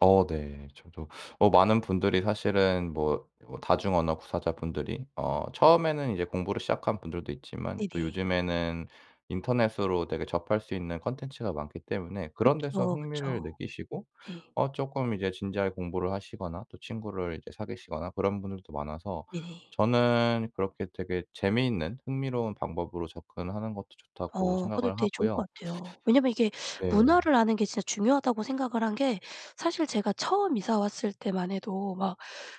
어 네. 저도 어 많은 분들이 사실은 뭐 뭐 다중 언어 구사자분들이 어 처음에는 이제 공부를 시작한 분들도 있지만 또 네네. 요즘에는 인터넷으로 되게 접할 수 있는 콘텐츠가 많기 때문에 그런 데서 그쵸, 흥미를 그쵸. 느끼시고 네. 어 쪼끔 이제 진지하게 공부를 하시거나 또 친구를 이제 사귀시거나 그런 분들도 많아서 예. 저는 그렇게 되게 '재미있는 흥미로운 방법으로 접근하는 것도 좋다.'고 어 그것도 생각을 되게 좋을 하고요. 것 같아요. 왜냐하면 이게 네. '문화를 아는 게 진짜 중요하다.'고 생각을 한 게 사실 제가 처음 이사 왔을 때만 해도 막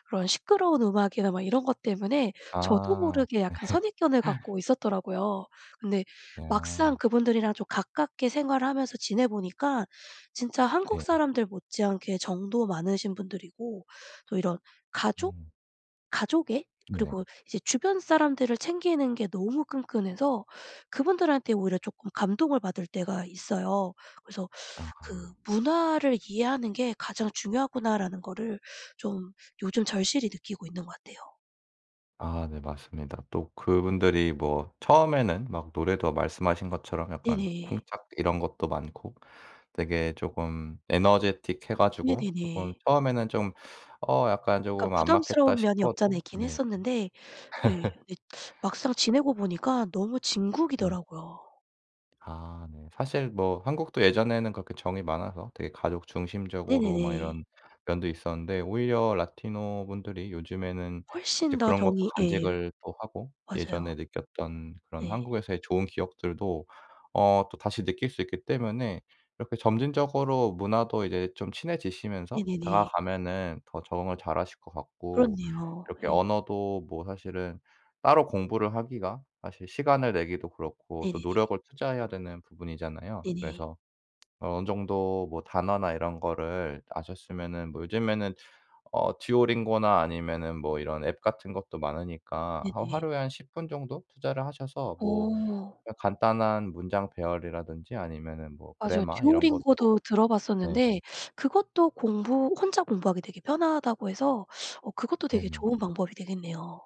그런 시끄러운 음악이나 막 이런 것 때문에 저도 아 모르게 약간 선입견을 네. 갖고 있었더라고요. 근데 네 막상 아. 그분들이랑 좀 가깝게 생활하면서 지내보니까 진짜 한국 네. 사람들 못지않게 정도 많으신 분들이고 또 이런 가족? 음. 가족애? 네. 그리고 이제 주변 사람들을 챙기는 게 너무 끈끈해서 그분들한테 오히려 쪼끔 감동을 받을 때가 있어요. 그래서 그 아. '문화를 이해하는 게 가장 중요하구나.'라는 거를 좀 요즘 절실히 느끼고 있는 것 같아요. 아 네 맞습니다. 또 그분들이 뭐 처음에는 막 노래도 말씀하신 것처럼 약간 네네. 쿵짝 이런 것도 많고 되게 쪼금 에너제틱해 가지고 쪼끔 네네네. 처음에는 좀 '어 약간 약간 쪼금 안 맞겠다.' 부담스러운 면이 없지 않아 싶어도 있긴 네. 했었는데 예 이 막상 지내고 보니까 너무 네. 진국이더라고요. 아 네. 사실 뭐 한국도 예전에는 그렇게 정이 많아서 되게 가족 중심적으로 막 네네네. 이런 면도 있었는데 오히려 라티노 분들이 요즘에는 이제 훨씬 더 그런 것도 정이 예. 간직을 또 하고 맞아요. 예전에 느꼈던 그런 네. 한국에서의 좋은 기억들도 어 또 다시 느낄 수 있기 때문에 이렇게 점진적으로 문화도 이제 좀 친해지시면서 네네네. 다가가면은 더 적응을 잘하실 것 같고 그렇네요. 이렇게 예. 언어도 뭐 사실은 따로 공부를 하기가 사실 시간을 내기도 그렇고 또 네네네. 노력을 투자해야 되는 부분이잖아요. 네네. 그래서 어느 정도 뭐 단어나 이런 거를 아셨으면은 뭐 요즘에는 어 듀오링고나 아니면은 뭐 이런 앱 같은 것도 많으니까 한 네네. 하루에 한 10 분 정도? 투자를 하셔서 뭐 어. 그냥 간단한 문장 배열이라든지 아니면은 뭐 맞아요. 그래머 이런 것도 듀오링고도 네. 들어봤었는데 그것도 공부 "혼자 공부하기 되게 편하다."고 해서 어 그것도 되게 네네. 좋은 방법이 되겠네요.